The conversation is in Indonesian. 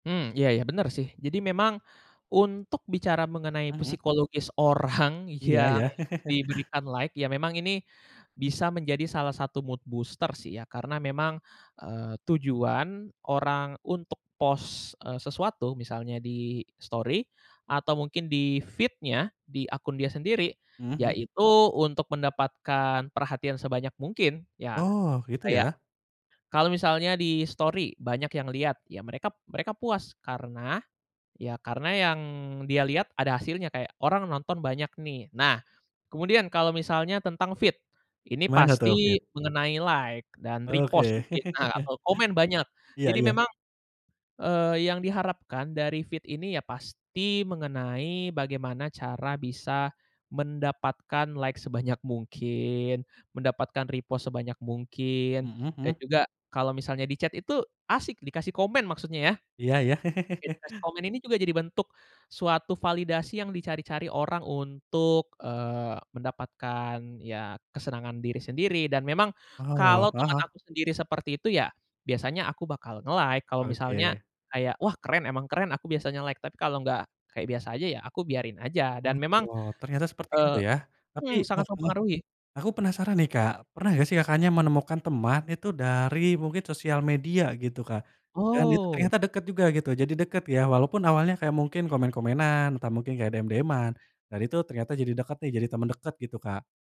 Mmm, iya ya, bener sih. Jadi memang, untuk bicara mengenai Mhm. psikologis orang Iya yang iya.. diberikan like, ya memang ini, bisa menjadi salah satu mood booster sih, ya. Karena memang, eee, tujuan orang untuk post, eee, sesuatu, misalnya di-story, atau mungkin di-feed-nya, di akun dia sendiri. Heeh, mhm. Yaitu untuk mendapatkan perhatian sebanyak mungkin, ya, Oh, gitu kayak, ya? kalau misalnya di-story banyak yang lihat, ya mereka mereka puas. Karena, ya karena yang dia lihat, ada hasilnya kayak, orang nonton banyak nih. Nah kemudian, kalau misalnya tentang feed, ini Mana tuh, feed? pasti mengenai like, dan repost Oke. mungkin, nah, atau komen banyak. Iya Jadi iya. memang, eee, yang diharapkan dari feed ini, ya pasti mengenai bagaimana cara bisa mendapatkan like sebanyak mungkin, mendapatkan repost sebanyak mungkin. Mhm Dan mhm. juga, kalau misalnya di chat itu asik, dikasih komen maksudnya, ya. Iya iya.. Dikasih komen ini juga jadi bentuk, suatu validasi yang dicari-cari orang untuk, eee, mendapatkan ya, kesenangan diri sendiri. Dan memang, Wow, kalau heeh teman heeh. aku sendiri seperti itu, ya, biasanya aku bakal nge-like kalau misalnya, Oke. kayak "Wah keren, emang keren," aku biasanya like, tapi kalau nggak kayak biasa aja, ya aku biarin aja. Oh, Dan memang, [unintelligible] ternyata seperti itu eee, ya. Tapi mmm, sangat heeh heeh, mempengaruhi. aku penasaran nih Kak, pernah nggak sih Kakaknya menemukan teman itu dari, mungkin sosial media, gitu, Kak. Dan, itu Oh. ternyata deket juga, gitu, jadi deket ya, walaupun awalnya kayak, mungkin komen-komenan, entah mungkin kayak, DM-DM-an. Dan itu ternyata jadi deket deh, jadi temen deket, gitu Kak?